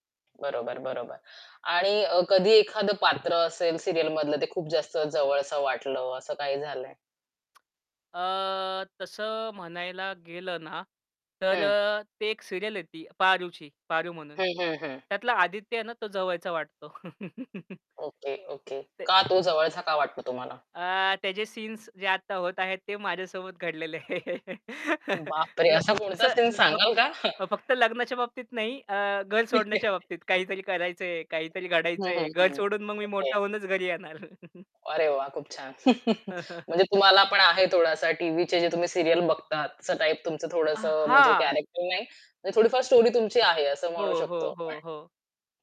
बरोबर, बरोबर. आणि अ, कधी एखादं पात्र असेल सीरियल मधलं ते खूप जास्त जवळसं वाटलं असं काही झालं आहे? अ, तसं म्हणायला गेलं ना. तर हं. अ, ते एक सीरियल आहे ती, पारूची पारू म्हणून. हं, हं, हं. त्यातला आदित्य आहे ना तो जवळचा वाटतो. Okay, okay. ते का तो जवळचा का वाटतो तुम्हाला? अ, त्याचे सीन्स जे आता होत आहेत ते माझ्यासोबत घडलेले आहेत. बापरे! ल असा अस कोणता सीन दब सांगाल का? फक्त लग्नाच्या बाबतीत नाही अ, घर ठीक आहे. सोडण्याच्या बाबतीत काहीतरी करायचंय, काहीतरी हं, हं, घडायचंय. घर हं. सोडून मग मी ओके. मोठा होऊनच घरी येणार. अरे वाह! खूप छान. म्हणजे तुम्हाला पण आहे थोडासा टीव्हीचे जे तुम्ही सीरियल बघतात, तसा टाइप तुमचं अ, थोडंसं म्हणजे हां. कॅरेक्टर नाही. म्हणजे थोडीफार स्टोरी तुमची आहे असं म्हणू हो, शकतो हो, हो, आपण. हो.